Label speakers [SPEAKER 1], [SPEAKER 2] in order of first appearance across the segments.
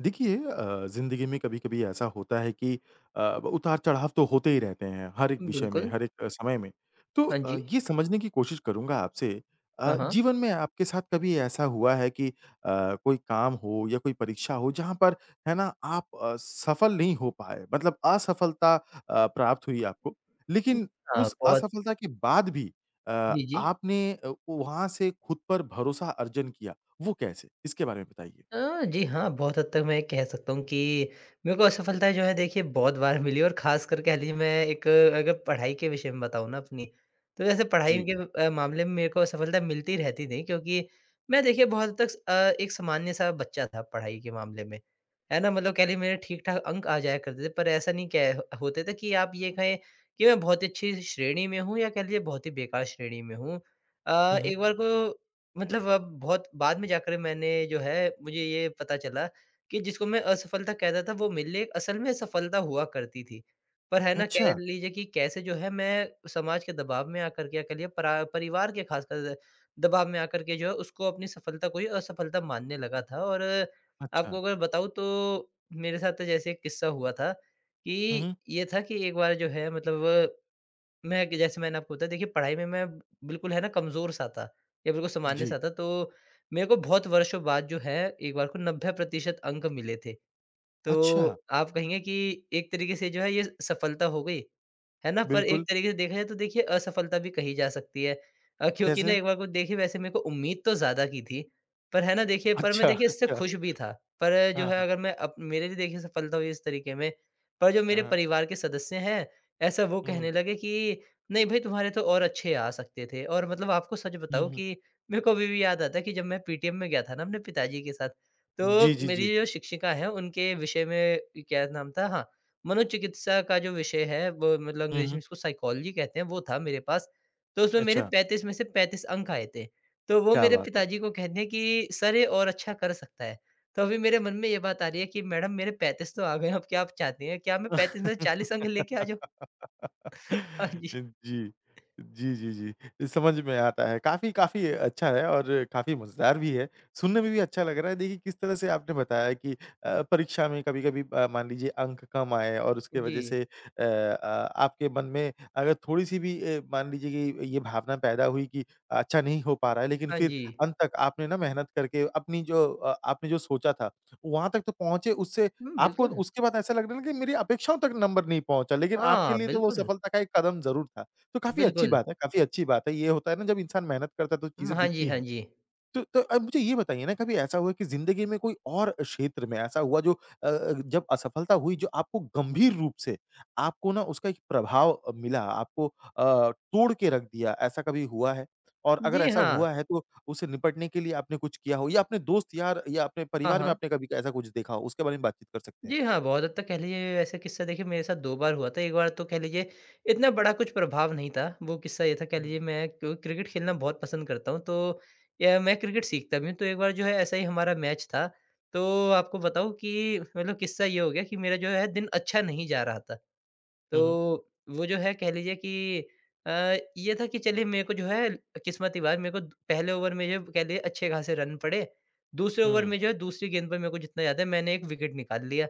[SPEAKER 1] देखिए अ, ज़िंदगी में कभी-कभी ऐसा होता है कि अ, उतार-चढ़ाव तो होते ही रहते हैं हर एक विषय में,
[SPEAKER 2] बिल्कुल।
[SPEAKER 1] हर एक समय में। तो
[SPEAKER 2] हाँ
[SPEAKER 1] अ,
[SPEAKER 2] जी।
[SPEAKER 1] ये समझने की कोशिश करूँगा आपसे,
[SPEAKER 2] हाँ,
[SPEAKER 1] अ,
[SPEAKER 2] हाँ।
[SPEAKER 1] जीवन में आपके साथ कभी ऐसा हुआ है कि अ, कोई काम हो या कोई परीक्षा हो जहाँ पर है ना आप अ, सफल नहीं हो पाए, मतलब असफलता अ, प्राप्त हुई है आपको? लेकिन
[SPEAKER 2] हाँ,
[SPEAKER 1] उस
[SPEAKER 2] बहुत।
[SPEAKER 1] असफलता के बाद भी अ,
[SPEAKER 2] जी, जी।
[SPEAKER 1] आपने अ, ओ, वहाँ से खुद पर भरोसा अर्जन किया, वो कैसे? इसके बारे में बताइए।
[SPEAKER 2] अ, जी हाँ। बहुत हद तक मैं ये कह सकता हूँ कि मेरे को असफलता जो है देखिए बहुत बार मिली है। और खासकर कह ली मैं एक अगर पढ़ाई के विषय में बताऊँ ना अपनी, तो वैसे पढ़ाई
[SPEAKER 1] जी।
[SPEAKER 2] के अ, मामले में मेरे को असफलता मिलती रहती थी। क्योंकि मैं देखिए बहुत हद तक अ, एक सामान्य-सा बच्चा था पढ़ाई के मामले में, है ना। मतलब कह ली मेरे ठीक-ठाक अंक आ जाया करते थे। पर ऐसा नहीं कै ह होते थे कि आप ये कहें कि मैं बहुत ही अच्छी श्रेणी में हूँ या कह लीजिए बहुत ही बेकार श्रेणी में हूँ। अ,
[SPEAKER 1] हुँ, हुँ।
[SPEAKER 2] एक बार ब मतलब अब बहुत बाद में जाकर मैंने जो है मुझे ये पता चला कि जिसको मैं असफलता कह रहा था वो मेरे लिए असल में सफलता हुआ करती थी। पर है ना कह
[SPEAKER 1] अच्छा!
[SPEAKER 2] लीजिए कि कैसे जो है मैं समाज के दबाव में आकर क्या कर लिया, परा परिवार के खासकर दबाव में आकर के जो है उसको अपनी सफलता को असफलता मानने लगा था। और आपको
[SPEAKER 1] अच्छा।
[SPEAKER 2] अगर बताऊँ तो मेरे साथ तो जैसे एक किस्सा हुआ था,
[SPEAKER 1] हुँ,
[SPEAKER 2] कि
[SPEAKER 1] हुँ।
[SPEAKER 2] ये था कि एक बार जो है मतलब ब मैं कि जैसे मैंने आपको बताया देखिए पढ़ाई में मैं बिल्कुल है ना कमज़ोर-सा था, या बिल्कुल
[SPEAKER 1] जी।
[SPEAKER 2] सामान्य-सा था। तो मेरे को बहुत वर्षों बाद जो है एक बार को 90% अंक मिले थे।
[SPEAKER 1] अच्छा!
[SPEAKER 2] तो आप कहेंगे कि एक तरीके से जो है ये सफलता हो गई, है ना। पर एक
[SPEAKER 1] बिल्कुल।
[SPEAKER 2] तरीके से देखा जाए तो देखिए असफलता भी कही जा सकती है। अ, क्योंकि ना
[SPEAKER 1] कैसे?
[SPEAKER 2] एक बार को देखिए वैसे मेरे को उम्मीद तो ज़्यादा की थी। पर है ना देखिए पर मैं
[SPEAKER 1] अच्छा,
[SPEAKER 2] देखिए इससे
[SPEAKER 1] अच्छा।
[SPEAKER 2] खुश भी था। पर जो
[SPEAKER 1] हाँ,
[SPEAKER 2] है
[SPEAKER 1] हाँ।
[SPEAKER 2] अगर मैं अप मेरे लिए देखिए सफलता हुई इस तरीके में। पर जो
[SPEAKER 1] हाँ,
[SPEAKER 2] मेरे
[SPEAKER 1] हाँ।
[SPEAKER 2] परिवार के सदस्य हैं ऐसा वो कहने
[SPEAKER 1] हुँ।
[SPEAKER 2] लगे कि नहीं भाई तुम्हारे तो और अच्छे आ सकते थे। और मतलब आपको सच
[SPEAKER 1] हुँ,
[SPEAKER 2] बताऊँ
[SPEAKER 1] हुँ।
[SPEAKER 2] कि मेरे को अभी भी याद आता है कि जब मैं पीटीएम में गया था ना अपने पिताजी के साथ। तो
[SPEAKER 1] जी, जी,
[SPEAKER 2] मेरी
[SPEAKER 1] जी।
[SPEAKER 2] जो शिक्षिका है उनके विषय में क्या नाम था। हाँ मनोचिकित्सा का जो विषय है वो मतलब
[SPEAKER 1] हुँ,
[SPEAKER 2] अंग्रेज़ी
[SPEAKER 1] हुँ।
[SPEAKER 2] में इसको साइकोलॉजी कहते हैं वो था मेरे पास। तो उसमें मेरे
[SPEAKER 1] अच्छा।
[SPEAKER 2] 35 में से 35 अंक आए थे। तो वो
[SPEAKER 1] क्या
[SPEAKER 2] मेरे
[SPEAKER 1] बात है!
[SPEAKER 2] पिताजी को कहते हैं कि सर ये और अच्छा कर सकता है। तो अभी मेरे मन में ये बात आ रही है कि मैडम मेरे 35 तो आ गए। अब क्या आप चाहती हैं क्या मैं 35 में से 40 अंक लेके आ जाऊँ। हाँ जी।
[SPEAKER 1] जी। जी, जी, जी। समझ में आता है। काफ़ी, काफ़ी अच्छा है और अ, काफ़ी मजेदार भी है। सुनने में भी अच्छा लग रहा है। देखिए किस तरह से आपने बताया कि अ, परीक्षा में कभी-कभी अ, मान लीजिए अंक कम आए और उसकी वजह
[SPEAKER 2] जी।
[SPEAKER 1] से अ, आ आपके मन में अगर थोड़ी सी भी ए, मान लीजिए कि ये ये भावना पैदा हुई कि अच्छा नहीं हो पा रहा है। लेकिन
[SPEAKER 2] हाँ
[SPEAKER 1] फिर
[SPEAKER 2] जी।
[SPEAKER 1] अंत तक आपने ना मेहनत करके अपनी जो आपने जो सोचा था, वहाँ तक तो पहुँचे उससे
[SPEAKER 2] हुँ,
[SPEAKER 1] आपको
[SPEAKER 2] बिल्कुल।
[SPEAKER 1] उसके बाद ऐसा लगने लगा कि मेरी अपेक्षाओं तक नंबर नहीं पहुँचा। लेकिन आपके
[SPEAKER 2] हाँ,
[SPEAKER 1] लिए तो वो
[SPEAKER 2] बिल्कुल।
[SPEAKER 1] सफलता का एक कदम ज़रूर था। तो काफ़ी अच्छी
[SPEAKER 2] बिल्कुल।
[SPEAKER 1] बात है, काफ़ी अच्छी बात है। ये होता है ना जब इंसान मेहनत करता है तो
[SPEAKER 2] उम,
[SPEAKER 1] चीज़ें
[SPEAKER 2] हाँ जी।
[SPEAKER 1] दिखती
[SPEAKER 2] हाँ
[SPEAKER 1] हैं।
[SPEAKER 2] जी।
[SPEAKER 1] तो तो अब मुझे ये बताइए ना कभी ऐसा हुआ कि ज़िंदगी में कोई और क्षेत्र में ऐसा हुआ जो अ, अ, जब असफलता हुई जो आपको गंभीर रूप से आपको ना उसका एक प्रभाव मिला, आपको अ, तोड़ के रख दिया। ऐसा कभी हुआ है? और अगर
[SPEAKER 2] जी,
[SPEAKER 1] ऐसा
[SPEAKER 2] हाँ।
[SPEAKER 1] हुआ है तो उसे निपटने के लिए आपने कुछ किया हो? या अपने दोस्त-यार या अपने
[SPEAKER 2] हाँ,
[SPEAKER 1] परिवार में
[SPEAKER 2] हाँ।
[SPEAKER 1] आपने कभी ऐसा कुछ देखा हो? उसके बारे में बातचीत कर सकते हैं।
[SPEAKER 2] जी हाँ। बहुत हद तक कह लीजिए ऐसा किस्सा देखिए मेरे साथ दो बार हुआ था। एक बार तो कह लीजिए इतना बड़ा कुछ प्रभाव नहीं था। वो किस्सा ये था कह
[SPEAKER 1] हुँ।
[SPEAKER 2] लीजिए मैं क्रिकेट खेलना बहुत पसंद करता हूँ तो या मैं क्रिकेट सीखता भी हूँ तो एक बार जो है ऐसे ही हमारा मैच था। तो आपको बताऊँ कि मतलब किस्सा ये हो गया कि मेरा जो है दिन अच्छा नहीं जा रहा था।
[SPEAKER 1] हुँ, हुँ।
[SPEAKER 2] तो वो जो है कह लीजिए कि अ, ये था कि चलिए मेरे को जो है, किस्मत की बात मेरे को पहले ओवर में जो कह लीजिए अच्छे खासे रन पड़े। दूसरे ओवर
[SPEAKER 1] हुँ।
[SPEAKER 2] में जो है दूसरी गेंद पर मेरे को जितना याद है मैंने एक विकेट निकाल लिया।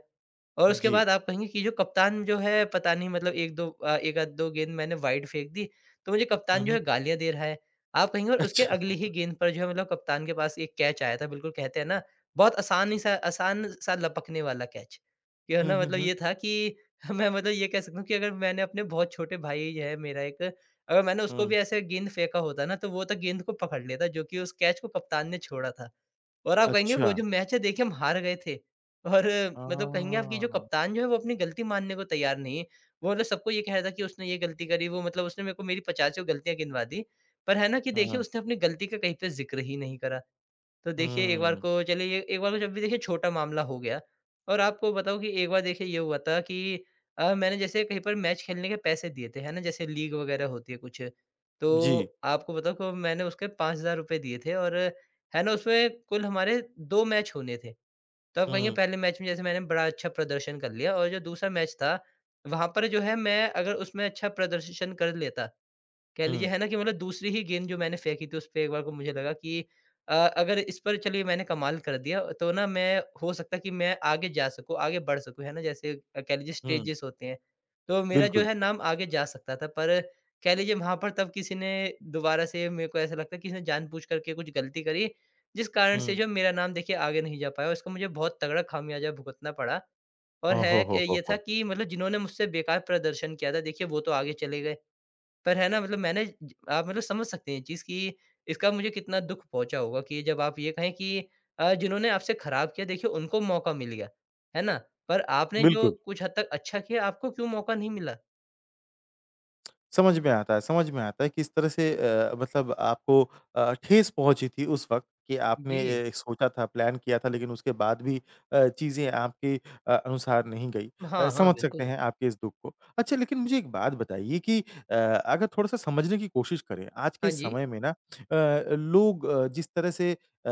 [SPEAKER 2] और उसके
[SPEAKER 1] जी।
[SPEAKER 2] बाद आप कहेंगे कि जो कप्तान जो है पता नहीं मतलब 1-2 एक आध दो गेंद मैंने वाइड फेंक दी तो मुझे
[SPEAKER 1] हुँ
[SPEAKER 2] कप्तान जो
[SPEAKER 1] ,हुँ।
[SPEAKER 2] है गालियाँ दे रहा है, आप कहेंगे। और उसके अगली ही
[SPEAKER 1] अच्छा।
[SPEAKER 2] गेंद पर जो है मतलब कप्तान के पास एक कैच आया था, बिल्कुल कहते हैं ना बहुत आसान ही सा आसान सा लपकने वाला कैच। कि है
[SPEAKER 1] हुँ,
[SPEAKER 2] ना
[SPEAKER 1] हुँ,
[SPEAKER 2] मतलब
[SPEAKER 1] हुँ।
[SPEAKER 2] ये था कि मैं मतलब ये कह सकता हूँ कि अगर मैंने अपने बहुत छोटे भाई है मेरा एक अगर मैंने उसको भी
[SPEAKER 1] हुँ।
[SPEAKER 2] ऐसा एक गेंद फेंका होता ना तो वो तो गेंद को पकड़ लेता जो कि उस कैच को कप्तान ने छोड़ा था। और आप कहेंगे वो
[SPEAKER 1] अच्छा।
[SPEAKER 2] जो मैच है देखिए हम हार गए थे। और
[SPEAKER 1] हाँ,
[SPEAKER 2] मतलब
[SPEAKER 1] हाँ,
[SPEAKER 2] कहेंगे आप
[SPEAKER 1] हाँ,
[SPEAKER 2] कि जो
[SPEAKER 1] हाँ, हाँ।
[SPEAKER 2] कप्तान जो है वो अपनी गलती मानने को तैयार नहीं है। वो ना सबको ये कह रहा था कि उसने ये गलती करी। वो मतलब उसने मेरे को मेरी पचासियों गलतियाँ गिनवा दी, पर है ना कि देखिए
[SPEAKER 1] हाँ।
[SPEAKER 2] उसने अपनी गलती का कहीं पे ज़िक्र ही नहीं करा। तो देखिए एक बार
[SPEAKER 1] हम्म।
[SPEAKER 2] को चलिए एक बार को जब भी देखिए छोटा मामला हो गया। और आपको बताऊँ कि एक बार देखिए ये हुआ था कि अ, मैंने जैसे कहीं पर मैच खेलने के पैसे दिए थे है ना जैसे लीग वगैरह होती है कुछ। तो
[SPEAKER 1] जी।
[SPEAKER 2] आपको बताऊँ मैंने उसके 5000 रुपए दिए थे। और है ना उसमें कुल हमारे 2 मैच होने थे। तो आप कहेंगे
[SPEAKER 1] हुँ।
[SPEAKER 2] पहले मैच में जैसे मैंने बड़ा अच्छा प्रदर्शन कर लिया। और जो दूसरा मैच था, वहाँ पर जो है मैं अगर उसमें अच्छा प्रदर्शन कर लेता कह लीजिए
[SPEAKER 1] हुँ।
[SPEAKER 2] है ना कि मतलब दूसरी ही गेंद जो मैंने फेंकी थी उसपे एक बार को मुझे लगा कि अ, अगर इस पर चलिए मैंने कमाल कर दिया तो ना मैं हो सकता कि मैं आगे जा सकूँ, आगे बढ़ सकूँ है ना। जैसे कह लीजिए
[SPEAKER 1] हुँ।
[SPEAKER 2] स्टेजेस होते हैं। तो मेरा जो
[SPEAKER 1] बिल्कुल।
[SPEAKER 2] है नाम आगे जा सकता था। पर कह लीजिए वहाँ पर तब किसी ने दोबारा से मेरे को ऐसा लगता है किसी ने जानबूझ करके कुछ गलती करी, जिस कारण से
[SPEAKER 1] हुँ।
[SPEAKER 2] जो मेरा नाम देखिए आगे नहीं जा पाया। उसको मुझे बहुत तगड़ा खामियाज़ा भुगतना पड़ा। और
[SPEAKER 1] ओ
[SPEAKER 2] है
[SPEAKER 1] हो,
[SPEAKER 2] एक
[SPEAKER 1] हो, हो,
[SPEAKER 2] ये था
[SPEAKER 1] हो।
[SPEAKER 2] कि मतलब जिन्होंने मुझसे बेकार प्रदर्शन किया था देखिए वो तो आगे चले गए। पर है ना मतलब मैंने आप मतलब समझ सकते हैं ये चीज़ कि इसका मुझे कितना दुःख पहुँचा होगा कि जब आप ये कहें कि अ, जिन्होंने आपसे खराब किया देखिए उनको मौका मिल गया, है ना। पर आपने जो
[SPEAKER 1] बिल्कुल।
[SPEAKER 2] कुछ हद तक अच्छा किया आपको क्यों मौका नहीं मिला।
[SPEAKER 1] समझ में आता है, समझ में आता है, किस तरह से अ, मतलब आपको अ, ठेस पहुँची थी उस वक़्त कि आपने
[SPEAKER 2] जी।
[SPEAKER 1] ये सोचा था, प्लान किया था, लेकिन उसके बाद भी अ, चीज़ें आपके अ अनुसार नहीं गई। अ,
[SPEAKER 2] हाँ, हाँ,
[SPEAKER 1] समझ सकते
[SPEAKER 2] बिल्कुल।
[SPEAKER 1] हैं आपके इस दुःख को। अच्छा, लेकिन मुझे एक बात बताइए कि अ, अगर थोड़ा-सा समझने की कोशिश करें। आज के
[SPEAKER 2] हाँ
[SPEAKER 1] इस
[SPEAKER 2] जी।
[SPEAKER 1] समय में ना अ, अ, लोग अ, जिस तरह से अ,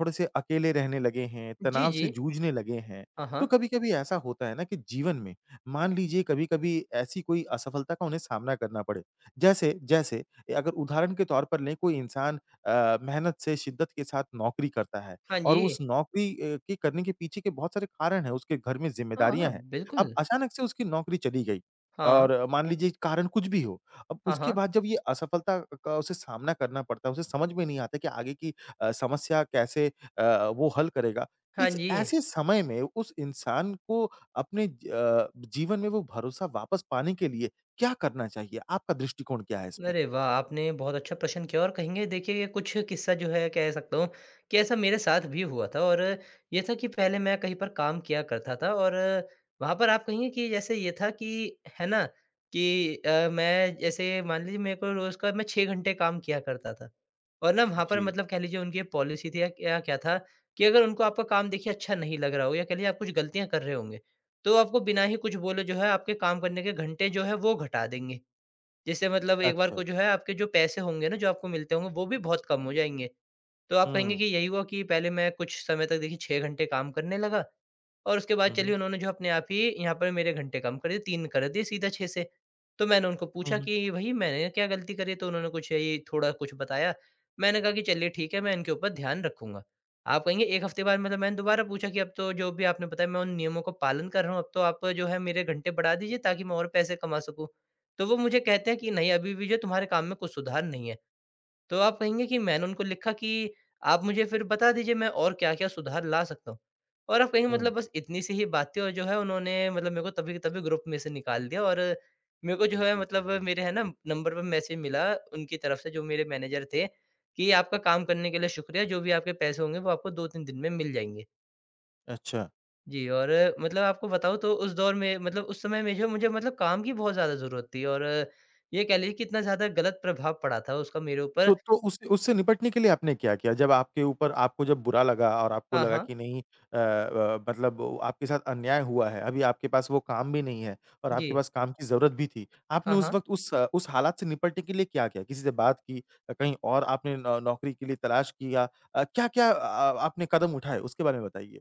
[SPEAKER 1] थोड़े-से अकेले रहने लगे हैं,
[SPEAKER 2] जी,
[SPEAKER 1] तनाव
[SPEAKER 2] जी।
[SPEAKER 1] से जूझने लगे हैं।
[SPEAKER 2] हाँ,
[SPEAKER 1] तो
[SPEAKER 2] हाँ।
[SPEAKER 1] कभी-कभी ऐसा होता है ना कि जीवन में, मान लीजिए कभी-कभी ऐसी कोई असफ़लता का उन्हें सामना करना पड़े। जैसे, जैसे ये अगर उदाहरण के तौर पर लें, कोई इंसान अ, मेहनत से शिद्दत के साथ नौकरी करता है
[SPEAKER 2] हाँ
[SPEAKER 1] और
[SPEAKER 2] जी।
[SPEAKER 1] उस नौकरी ए, के करने के पीछे के बहुत सारे कारण हैं, उसके घर में
[SPEAKER 2] हाँ, हाँ।
[SPEAKER 1] ज़िम्मेदारियाँ हैं। अब
[SPEAKER 2] बिल्कुल।
[SPEAKER 1] अचानक से उसकी नौकरी चली गई,
[SPEAKER 2] हाँ।
[SPEAKER 1] और मान लीजिए कि कारण कुछ भी हो। अब
[SPEAKER 2] हाँ,
[SPEAKER 1] उसके
[SPEAKER 2] हाँ।
[SPEAKER 1] बाद जब ये असफ़लता का उसे सामना करना पड़ता है, उसे समझ में नहीं आता कि आगे की अ, समस्या कैसे अ, वो हल करेगा।
[SPEAKER 2] हाँ
[SPEAKER 1] इस
[SPEAKER 2] जी।
[SPEAKER 1] ऐसे समय में उस इंसान को अपने अ, जीवन में वो भरोसा वापस पाने के लिए क्या करना चाहिए? आपका दृष्टिकोण क्या है इसमें?
[SPEAKER 2] अरे वाह! आपने ये बहुत अच्छा प्रश्न किया, और कहेंगे, देखिए ये कुछ किस्सा जो है, कह सकता हूँ कि ऐसा मेरे साथ भी हुआ था। और ये था कि पहले मैं कहीं पर काम किया करता था, और वहाँ पर आप कहेंगे कि जैसे ये था कि, है ना, कि अ, मैं जैसे मान लीजिए मेरे को रोज़ का मैं 6 घंटे काम किया करता था। और ना वहाँ पर
[SPEAKER 1] जी।
[SPEAKER 2] मतलब कह लीजिए उनकी ये पॉलिसी थी या क्या क्या था, कि अगर उनको आपका काम देखिए अच्छा नहीं लग रहा हो, या कह लीजिए आप कुछ ग़लतियाँ कर रहे होंगे, तो वो आपको बिना ही कुछ बोले जो है, आपके काम करने के घंटे जो है वो घटा देंगे। जैसे मतलब एक बार को
[SPEAKER 1] अच्छा।
[SPEAKER 2] जो है, आपके जो पैसे होंगे ना जो आपको मिलते होंगे, वो भी बहुत कम हो जाएँगे। तो आप कहेंगे
[SPEAKER 1] हुँ।
[SPEAKER 2] कि यही हुआ कि पहले मैं कुछ समय तक देखिए 6 घंटे काम करने लगा, और उसके बाद
[SPEAKER 1] हुँ, हुँ।
[SPEAKER 2] चलिए उन्होंने जो अपने आप ही यहाँ पर मेरे घंटे कम कर दिए, 3 कर दिए सीधा 6 से। तो मैंने उनको
[SPEAKER 1] हुँ,
[SPEAKER 2] पूछा
[SPEAKER 1] हुँ।
[SPEAKER 2] कि, "भई, मैंने क्या ग़लती करी है?" तो उन्होंने कुछ यही थोड़ा कुछ बताया। मैंने कहा कि, "चलिए ठीक है, मैं इनके ऊपर ध्यान रखूँगा।" आप कहेंगे एक हफ़्ते बाद मतलब मैंने दोबारा पूछा कि, "अब तो जो भी आपने बताया मैं उन नियमों का पालन कर रहा हूँ। अब तो आप जो है मेरे घंटे बढ़ा दीजिए ताकि मैं और पैसे कमा सकूँ।" तो वो मुझे कहते हैं कि, "नहीं, अभी भी जो तुम्हारे काम में कुछ सुधार नहीं है।" तो आप कहेंगे कि मैंने उनको लिखा कि, "आप मुझे फिर बता दीजिए, मैं और क्या-क्या सुधार ला सकता हूँ।" और आप कहेंगे
[SPEAKER 1] हुँ।
[SPEAKER 2] मतलब बस इतनी सी ही बात थी, और जो है उन्होंने मतलब मेरे को तभी के तभी ग्रुप में से निकाल दिया और मेरे को जो है, मतलब मेरे है ना नंबर पर मैसेज मिला उनकी तरफ़ से, जो मेरे मैनेजर थे कि, "आपका काम करने के लिए शुक्रिया। जो भी आपके पैसे होंगे, वो आपको 2-3 दिन में मिल जाएँगे।"
[SPEAKER 1] अच्छा।
[SPEAKER 2] जी और मतलब आपको बताऊँ तो उस दौर में मतलब उस समय में जो मुझे मतलब काम की बहुत ज़्यादा ज़रूरत थी। और ये कह लीजिए कि इतना ज़्यादा गलत प्रभाव पड़ा था उसका मेरे
[SPEAKER 1] तो
[SPEAKER 2] ऊपर।
[SPEAKER 1] तो उस उससे निपटने के लिए आपने क्या किया? जब आपके ऊपर आपको जब बुरा लगा और आपको
[SPEAKER 2] हाँ,
[SPEAKER 1] लगा
[SPEAKER 2] हाँ।
[SPEAKER 1] कि नहीं अ अ, मतलब उ आपके साथ अन्याय हुआ है। अभी आपके पास वो काम भी नहीं है और आपके
[SPEAKER 2] जी।
[SPEAKER 1] पास काम की ज़रूरत भी थी। आपने
[SPEAKER 2] हाँ,
[SPEAKER 1] उस
[SPEAKER 2] हाँ।
[SPEAKER 1] वक़्त उस उस हालात से निपटने के लिए क्या किया? किसी से बात की अ, कहीं और आपने नौ नौकरी के लिए तलाश किया अ, क्या-क्या अ, आ आपने कदम उठाए? उसके बारे में बताइए।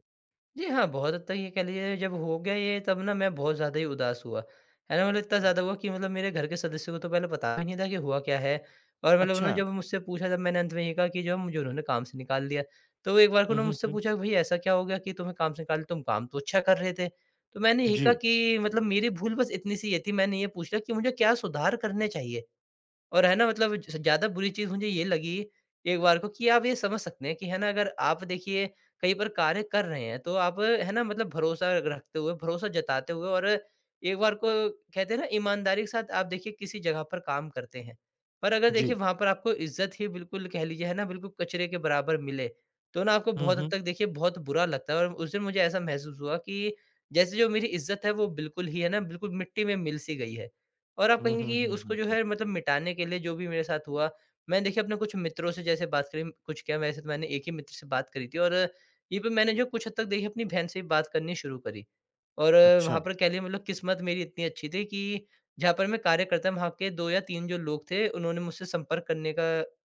[SPEAKER 2] जी हाँ, बहुत हद तक ये कह लीजिए, जब हो गया ये तब ना मैं बहुत ज़्यादा ही उदास हुआ। है ना? मतलब इतना
[SPEAKER 1] हुँ।
[SPEAKER 2] ज़्यादा हुआ कि मतलब मेरे घर के सदस्यों को तो पहले बताया नहीं था कि हुआ क्या है और मतलब उन्होंने
[SPEAKER 1] अच्छा।
[SPEAKER 2] जब मुझसे पूछा तब मैंने अंत में ये कहा कि जो है मुझे उन्होंने काम से निकाल दिया। तो एक बार को
[SPEAKER 1] हुँ,
[SPEAKER 2] उन्होंने
[SPEAKER 1] हुँ,
[SPEAKER 2] मुझसे
[SPEAKER 1] हुँ।
[SPEAKER 2] पूछा कि, "भई, ऐसा क्या हो गया कि तुम्हें काम से निकाल तुम काम तो अच्छा कर रहे थे।" तो मैंने यही कहा
[SPEAKER 1] जी।
[SPEAKER 2] कि मतलब मेरी भूल बस इतनी-सी ये थी, मैंने ये पूछ लिया कि मुझे क्या सुधार करने चाहिए। और है ना मतलब जैसे ज़्यादा बुरी चीज़ मुझे ये लगी एक बार को कि आप ये समझ सकते हैं कि है ना अगर आप देखिए, कहीं पर कार्य कर रहे हैं, तो आप है ना? मतलब भरोसा रखते हुए, भरोसा जताते हुए और एक बार को कहते हैं ना ईमानदारी के साथ आप देखिए किसी जगह पर काम करते हैं। पर अगर देखिए,
[SPEAKER 1] जी।
[SPEAKER 2] वहाँ पर आपको इज़्ज़त ही बिल्कुल कह लीजिए है ना बिल्कुल कचरे के बराबर मिले, तो ना आपको
[SPEAKER 1] हुँ,
[SPEAKER 2] बहुत हद
[SPEAKER 1] हुँ।
[SPEAKER 2] तक देखिए बहुत बुरा लगता है और उस दिन मुझे ऐसा महसूस हुआ कि जैसे जो मेरी इज़्ज़त है, वो बिल्कुल ही है ना, बिल्कुल मिट्टी में मिल-सी गई है। और आप
[SPEAKER 1] हुँ,
[SPEAKER 2] कहेंगे
[SPEAKER 1] हुँ,
[SPEAKER 2] कि
[SPEAKER 1] हुँ,
[SPEAKER 2] उसको
[SPEAKER 1] हुँ,
[SPEAKER 2] जो
[SPEAKER 1] हुँ।
[SPEAKER 2] है मतलब मिटाने के लिए जो भी मेरे साथ हुआ, मैंने देखिए अपने कुछ मित्रों से जैसे बात करी, कुछ क्या, वैसे तो मैंने एक ही मित्र से बात करी थी और यहीं पर मैंने जो कुछ हद तक देखिए अपनी बहन से भी बात करनी शुरू करी। और, वहाँ
[SPEAKER 1] अच्छा।
[SPEAKER 2] पर कह लीजिए मतलब किस्मत मेरी इतनी अच्छी थी कि जहाँ पर मैं कार्य करता था, वहाँ के 2 या 3 जो लोग थे, उन्होंने मुझसे संपर्क करने का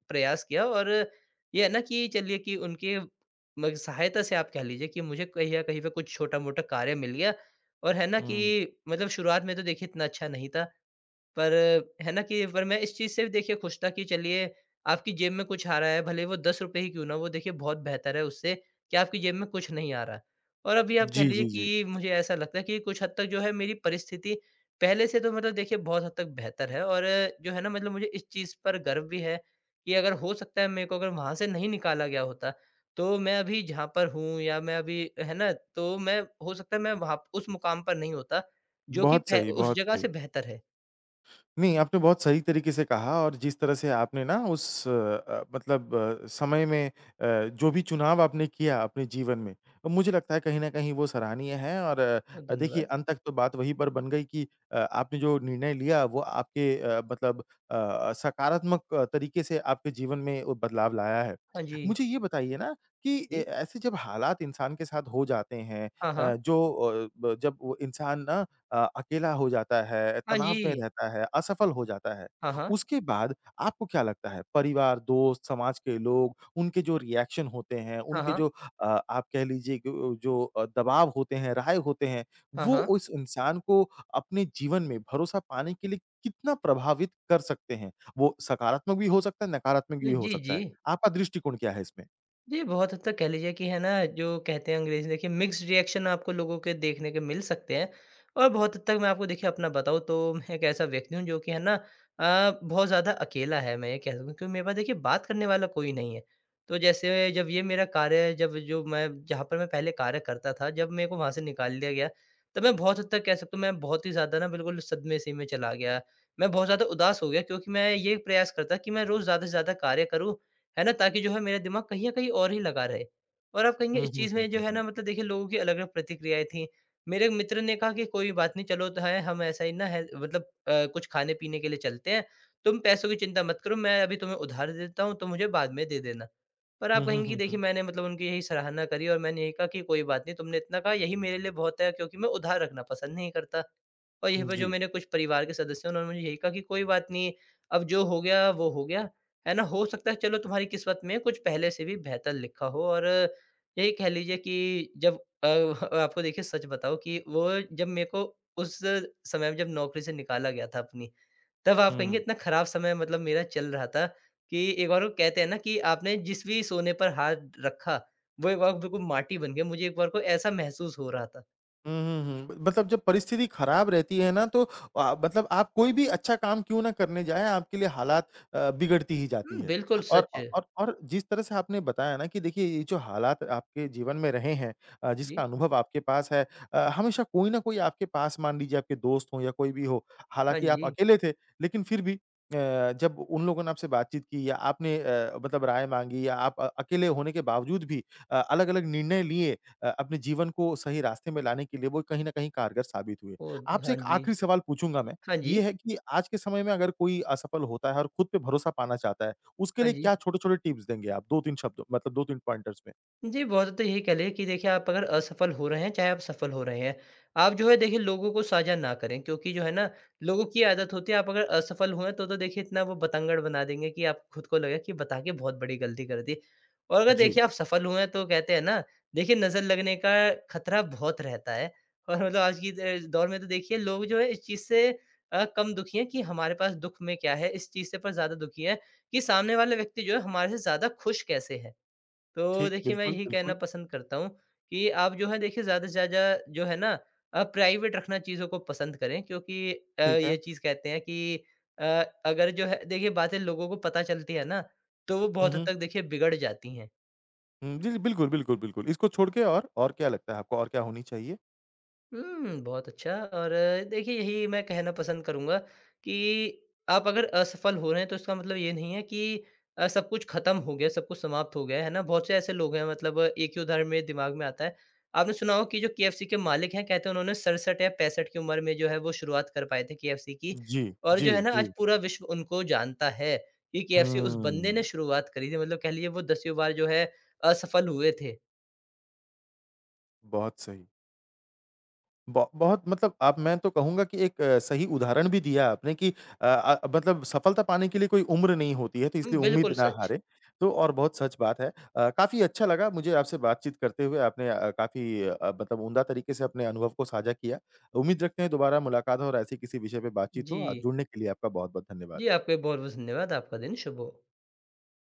[SPEAKER 2] प्रयास किया और ये है ना कि चलिए कि उनके म सहायता से आप कह लीजिए कि मुझे कहीं ना कहीं पे कुछ छोटा-मोटा कार्य मिल गया, और है ना
[SPEAKER 1] हुँ।
[SPEAKER 2] कि मतलब शुरुआत में तो देखिए इतना अच्छा नहीं था। पर है ना कि पर मैं इस चीज़ से देखिए खुश था कि चलिए, आपकी जेब में कुछ आ रहा है, भले ही वो ₹10 ही क्यों ना हों। वो देखिए बहुत बेहतर है उससे कि आपकी जेब में कुछ नहीं आ रहा। और अभी आप कह
[SPEAKER 1] जी,
[SPEAKER 2] लीजिए
[SPEAKER 1] जी, जी।
[SPEAKER 2] कि मुझे ऐसा लगता है कि कुछ हद तक जो है मेरी परिस्थिति पहले से तो मतलब देखिए बहुत हद तक बेहतर है और जो है ना मतलब मुझे इस चीज़ पर गर्व भी है कि अगर हो सकता है, मेरे को अगर वहाँ से नहीं निकाला गया होता, तो मैं अभी जहाँ पर हूँ या मैं अभी अ, है ना? तो मैं हो सकता है, मैं वहाँ प उस मुकाम पर नहीं होता जो कि
[SPEAKER 1] बहुत
[SPEAKER 2] फै
[SPEAKER 1] सही,
[SPEAKER 2] उस
[SPEAKER 1] बहुत
[SPEAKER 2] जगह से
[SPEAKER 1] सही।
[SPEAKER 2] बेहतर है।
[SPEAKER 1] नहीं आपने बहुत सही तरीके से कहा और जिस तरह से आपने ना उस अ, मतलब अ, समय में अ, जो भी चुनाव आपने किया अपने जीवन में, तो मुझे लगता है कहीं ना कहीं वो सराहनीय है। और
[SPEAKER 2] बहुत
[SPEAKER 1] अ, देखिए
[SPEAKER 2] धन्यवाद।
[SPEAKER 1] अंत तक तो बात वही पर बन गई कि अ, आपने जो निर्णय लिया वो आपके अ, मतलब अ, सकारात्मक तरीके से आपके जीवन में ओ बदलाव लाया है।
[SPEAKER 2] हाँ, जी।
[SPEAKER 1] मुझे ये बताइए ना कि अ,
[SPEAKER 2] जी।
[SPEAKER 1] ऐसे जब हालात इंसान के साथ हो जाते हैं
[SPEAKER 2] हाँ,
[SPEAKER 1] अ,
[SPEAKER 2] हाँ।
[SPEAKER 1] जो अ, जब वो इंसान ना अ, अकेला हो जाता है,
[SPEAKER 2] हाँ,
[SPEAKER 1] तनाव में
[SPEAKER 2] जी।
[SPEAKER 1] रहता है, असफल हो जाता है।
[SPEAKER 2] हाँ, हाँ।
[SPEAKER 1] उसके बाद आपको क्या लगता है, परिवार, दोस्त, समाज के लोग उनके जो रिएक्शन होते हैं,
[SPEAKER 2] हाँ,
[SPEAKER 1] उनके जो
[SPEAKER 2] हाँ।
[SPEAKER 1] अ, आप कह लीजिए कि जो अ, दबाव होते हैं, राहे होते हैं,
[SPEAKER 2] हाँ,
[SPEAKER 1] वो
[SPEAKER 2] हाँ।
[SPEAKER 1] उस इंसान को अपने जीवन में भरोसा पाने के लिए कितना प्रभावित कर सकते हैं? वो सकारात्मक भी हो सकता है, नकारात्मक भी हो
[SPEAKER 2] जी,
[SPEAKER 1] सकता है।
[SPEAKER 2] जी।
[SPEAKER 1] आपका दृष्टिकोण क्या है इसमें?
[SPEAKER 2] जी, बहुत हद तक कह लीजिए कि है ना जो कहते हैं अंग्रेज़ी देखिए मिक्स्ड रिएक्शन आपको लोगों के देखने के मिल सकते हैं। और बहुत हद तक मैं आपको देखिए अपना बताऊँ तो मैं एक ऐसा व्यक्ति हूँ जो कि है ना अ, बहुत ज़्यादा अकेला है। मैं ये कह सकता हूँ क्योंकि मेरे पास देखिए बात करने वाला कोई नहीं है। तो जैसे जब ये मेरा कार्य जब जो मैं जहाँ पर मैं पहले कार्य करता था जब मेको वहाँ से निकाल दिया गया। तो मैं बहुत हद तक कह सकता हूँ मैं बहुत ही ज़्यादा ना बिल्कुल सदमे से में चला गया। मैं बहुत ज़्यादा उदास हो गया क्योंकि मैं ये प्रयास करता कि मैं रोज़ ज़्यादा से ज़्यादा कार्य करूँ, है ना? ताकि जो है मेरा दिमाग कहीं आ कहीं और ही लगा रहे। और आप कहेंगे
[SPEAKER 1] हुँ,
[SPEAKER 2] इस
[SPEAKER 1] हुँ,
[SPEAKER 2] चीज़
[SPEAKER 1] हुँ,
[SPEAKER 2] में जो
[SPEAKER 1] हुँ,
[SPEAKER 2] है
[SPEAKER 1] हुँ।
[SPEAKER 2] ना मतलब देखिए लोगों की अलग-अलग प्रतिक्रियाएँ थीं। मेरे मित्र ने कहा कि कोई बात नहीं चलो तो है हम ऐसा ही ना है मतलब अ, कुछ खाने-पीने के लिए चलते हैं। तुम पैसों की चिंता मत करो, मैं अभी तुम्हें उधार दे देता हूँ तुम मुझे बाद में दे देना। पर
[SPEAKER 1] हुँ,
[SPEAKER 2] आप
[SPEAKER 1] हुँ,
[SPEAKER 2] कहेंगी कि
[SPEAKER 1] हुँ,
[SPEAKER 2] देखिए
[SPEAKER 1] हुँ।
[SPEAKER 2] मैंने मतलब उनकी यही सराहना करी और मैंने यही कहा कि कोई बात नहीं तुमने इतना कहा यही मेरे लिए बहुत है, क्योंकि मैं उधार रखना पसंद नहीं करता। और यहीं पर जो
[SPEAKER 1] जी।
[SPEAKER 2] मेरे कुछ परिवार के सदस्य हैं उन्होंने मुझे यही कहा कि कोई बात नहीं अब जो हो गया वो हो गया, है ना? हो सकता है चलो तुम्हारी किस्मत में कुछ पहले से भी बेहतर लिखा हो। और यही कह लीजिए कि जब अ, आपको देखिए सच बताऊँ कि वो जब मेरे को उस समय में जब नौकरी से निकाला गया था अपनी, तब आप कहेंगे
[SPEAKER 1] हुँ।
[SPEAKER 2] इतना खराब समय मतलब मेरा चल रहा था, कि एक बार को कहते हैं ना कि आपने जिस भी सोने पर हाथ रखा वो एक बार बिल्कुल माटी बन गया। मुझे एक बार को ऐसा महसूस हो रहा था।
[SPEAKER 1] हुँ, हुँ, हुँ, मतलब जब परिस्थिति खराब रहती है ना तो अ, मतलब आप कोई भी अच्छा काम क्यों ना करने जाएँ, आपके लिए हालात अ, बिगड़ती ही जाती
[SPEAKER 2] हुँ,
[SPEAKER 1] है।
[SPEAKER 2] बिल्कुल
[SPEAKER 1] और
[SPEAKER 2] सच
[SPEAKER 1] अ,
[SPEAKER 2] है।
[SPEAKER 1] और और जिस तरह से आपने बताया ना कि देखिए, ये जो हालात आपके जीवन में रहे हैं अ, जिसका
[SPEAKER 2] जी।
[SPEAKER 1] अनुभव आपके पास है अ, हमेशा कोई ना कोई आपके पास मान लीजिए आपके दोस्त हों या कोई भी हो।
[SPEAKER 2] हाँ
[SPEAKER 1] हालाँकि आप
[SPEAKER 2] जी।
[SPEAKER 1] अकेले थे, लेकिन फिर भी अ, जब उन लोगों ने आपसे बातचीत की या आपने अ, मतलब राय माँगी या आप अ, अकेले होने के बावजूद भी अ, अलग-अलग निर्णय लिए अ, अपने जीवन को सही रास्ते में लाने के लिए, वो कहीं ना कहीं कारगर साबित हुए।
[SPEAKER 2] ओद
[SPEAKER 1] आपसे
[SPEAKER 2] हाँ
[SPEAKER 1] एक
[SPEAKER 2] जी।
[SPEAKER 1] आखिरी सवाल पूछूँगा मैं।
[SPEAKER 2] हाँ जी।
[SPEAKER 1] ये है कि आज के समय में अगर कोई असफल होता है और खुद पे भरोसा पाना चाहता है, उसके
[SPEAKER 2] हाँ
[SPEAKER 1] लिए
[SPEAKER 2] जी।
[SPEAKER 1] क्या छोटे-छोटे टिप्स देंगे आप 2-3 शब्दों मतलब 2-3 पॉइंटर्स में।
[SPEAKER 2] जी, बहुत हद तक यही कह लें कि देखिए आप अगर असफल हो रहे हैं, चाहे आप सफल हो रहे हैं, आप जो है देखिए लोगों को साझा न करें क्योंकि जो है ना, लोगों की आदत होती है, आप अगर असफल हुए हैं तो तो देखिए इतना वो बतंगड़ बना देंगे कि आप खुद को लगे कि बता के बहुत बड़ी गलती कर दी। और अगर
[SPEAKER 1] जी।
[SPEAKER 2] देखिए आप सफल हुए हैं, तो कहते हैं ना, देखिए नज़र लगने का खतरा बहुत रहता है और मतलब आज की द दौर में तो देखिए लोग जो हैं इस चीज़ से अ, कम दुखी हैं कि, "हमारे पास दुख में क्या है?" इस चीज़ से पर ज़्यादा दुखी हैं कि "सामने वाले व्यक्ति जो है हमारे से ज़्यादा खुश कैसे हैं?" तो
[SPEAKER 1] ठीक,
[SPEAKER 2] देखिए, मैं
[SPEAKER 1] बिल्कुल,
[SPEAKER 2] यही कहना
[SPEAKER 1] बिल्कुल।
[SPEAKER 2] पसंद करता हूँ कि आप जो है देखिए ज़्यादा से ज़्यादा जो है ना, आप प्राइवेट रखना चीज़ों को पसंद करें क्योंकि अ,
[SPEAKER 1] ठीक
[SPEAKER 2] ये
[SPEAKER 1] है।
[SPEAKER 2] चीज़ कहते हैं कि अ, अगर जो है देखिए, बातें लोगों को पता चलती है ना, तो वो
[SPEAKER 1] हुँ,
[SPEAKER 2] बहुत हद
[SPEAKER 1] हुँ।
[SPEAKER 2] तक देखिए बिगड़ जाती हैं।
[SPEAKER 1] हुॅं, जी, जी, बिल्कुल, बिल्कुल, बिल्कुल। इसको छोड़ के और, और क्या लगता है आपको और क्या होनी चाहिएॽ़
[SPEAKER 2] हुँ, बहुत अच्छा और देखिए, यही मैं कहना पसंद करूँगा कि आप अगर असफल हो रहे हैं, तो इसका मतलब ये नहीं है कि अ, सब कुछ खत्म हो गया, सब कुछ समाप्त हो गया है। है ना? बहुत से ऐसे लोग हैं मतलब एक ही उदाहरण मेरे दिमाग में आता है। आपने सुना होगा कि जो केएफसी के मालिक हैं, कहते हैं, उन्होंने 67 या 65 की उम्र में जो है वो शुरुआत कर पाए थे केएफसी की
[SPEAKER 1] जी,
[SPEAKER 2] और
[SPEAKER 1] जी,
[SPEAKER 2] जो है ना आज
[SPEAKER 1] जी।
[SPEAKER 2] पूरा विश्व उनको जानता है कि केएफसी उस बंदे
[SPEAKER 1] हुँ।
[SPEAKER 2] ने शुरुआत करी थी। मतलब कह लीजिए वो दसवीं बार जो है, असफल हुए थे।
[SPEAKER 1] बहुत सही। ब बहुत मतलब अब मैं तो कहूँगा कि एक सही उदाहरण भी दिया आपने कि अ, अ, मतलब सफलता पाने के लिए कोई उम्र नहीं होती है, तो इसलिए उम्मीद
[SPEAKER 2] बिल्कुल
[SPEAKER 1] ना
[SPEAKER 2] सच।
[SPEAKER 1] हारें। तो और बहुत सच बात है। अ, काफ़ी अच्छा लगा मुझे आपसे बातचीत करते हुए। आपने अ, काफ़ी अ, मतलब उम्दा तरीके से अपने अनुभव को साझा किया। उम्मीद रखते हैं, दोबारा मुलाकात हो और ऐसे ही किसी विषय पे बातचीत हो। अ,
[SPEAKER 2] जी।
[SPEAKER 1] जुड़ने के लिए आपका बहुत-बहुत धन्यवाद।
[SPEAKER 2] जी, आपका भी बहुत-बहुत धन्यवाद। आपका दिन शुभ हो।